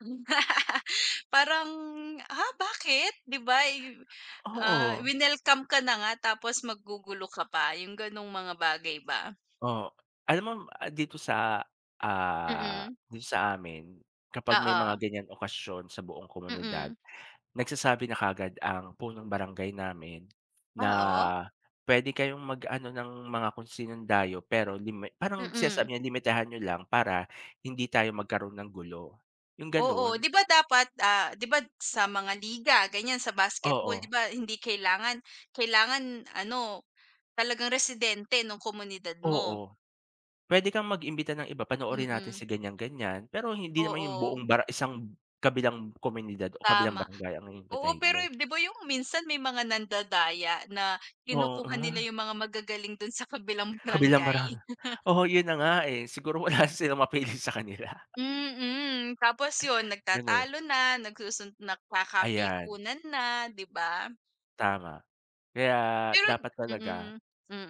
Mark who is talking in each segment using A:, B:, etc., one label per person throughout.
A: Hmm, parang, ah, bakit? 'Di ba, eh, yo ah,
B: Oo.
A: winelcome ka na nga tapos maggugulo ka pa yung ganong mga bagay ba?
B: Oh, alam mo dito sa, ah,
A: Mm.
B: dito sa amin kapag may mga
A: Oo.
B: ganyan okasyon sa buong komunidad,
A: Mm.
B: nagsasabi na kaagad ang punong barangay namin na
A: Oo.
B: puwede kayong mag-ano ng mga kung sinong dayo. Pero limit parang
A: Mm.
B: sinasabi niya limitahan niyo lang para hindi tayo magkaroon ng gulo yung
A: Oo,
B: ganon.
A: 'di ba, dapat, ah, 'di ba, sa mga liga ganyan sa basketball, 'di
B: Oo.
A: ba, hindi kailangan kailangan ano talagang residente nung komunidad mo.
B: Oo, puwede kang mag-imbita ng iba, panoorin natin
A: Mm.
B: sa ganyan-ganyan. Pero hindi naman yung
A: Oo.
B: buong barang isang kabilang komunidad o kabilang
A: Tama.
B: barangay ang
A: Oo,
B: iimbitahin
A: pero,
B: mo.
A: di ba, yung minsan may mga nandadaya na kinukuha nila
B: Oo.
A: yung mga magagaling dun sa kabilang
B: Kabilang
A: barangay.
B: barang oo, yun na nga, eh. Siguro wala silang mapili sa kanila.
A: Mm, tapos yun
B: Gano'n.
A: nagtatalo na, nagsusun
B: Ayan.
A: nagkakapikunan na, 'di ba?
B: Tama. Kaya
A: Pero
B: dapat talaga
A: mm,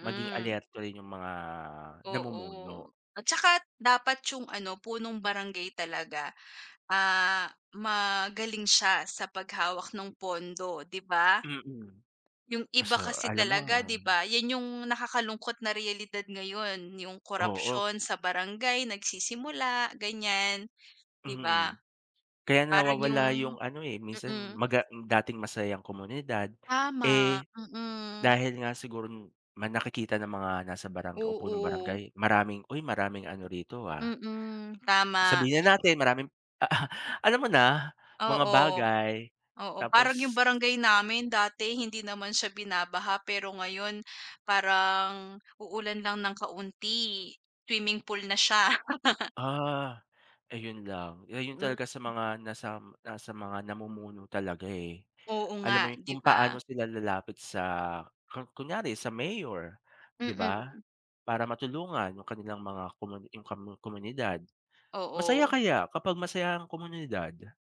B: maging alerto rin yung mga namumuno.
A: Oo, at saka dapat yung ano punong barangay talaga, ah, magaling siya sa paghawak ng pondo, 'di ba?
B: Mm.
A: Yung iba
B: So,
A: kasi
B: alam mo
A: talaga, di ba, yan yung nakakalungkot na realidad ngayon. Yung
B: Oo.
A: korapsiyon sa barangay nagsisimula ganyan, 'di ba?
B: Mm, kaya
A: Parang
B: nawawala
A: yung
B: yung ano, eh. Minsan
A: mm.
B: maga dating masayang komunidad.
A: Tama,
B: Eh,
A: mm.
B: dahil nga siguron ma nakikita ng mga nasa barang o punong
A: Oo.
B: barangay maraming "Uy maraming ano rito, ah."
A: Mm, tama.
B: Sabihin na natin, maraming a a alam mo na mga
A: Oo,
B: bagay.
A: oo, parang yung
B: Tapos
A: barangay namin, dati hindi naman siya binabaha, pero ngayon parang uulan lang ng kaunti, swimming pool na siya.
B: Ah, ayun lang. Ayun
A: Mm.
B: talaga sa mga nasam nasa mga namumuno talaga, eh.
A: Oo
B: Alam mo
A: nga,
B: yun,
A: 'di
B: kung
A: ba?
B: paano sila lalapit sa ku kunyari sa mayor, 'di ba?
A: Mm.
B: Para matulungan yung kanilang mga komuni yung kammo komunidad. Masaya
A: Oo.
B: kaya kapag masaya ang komunidad.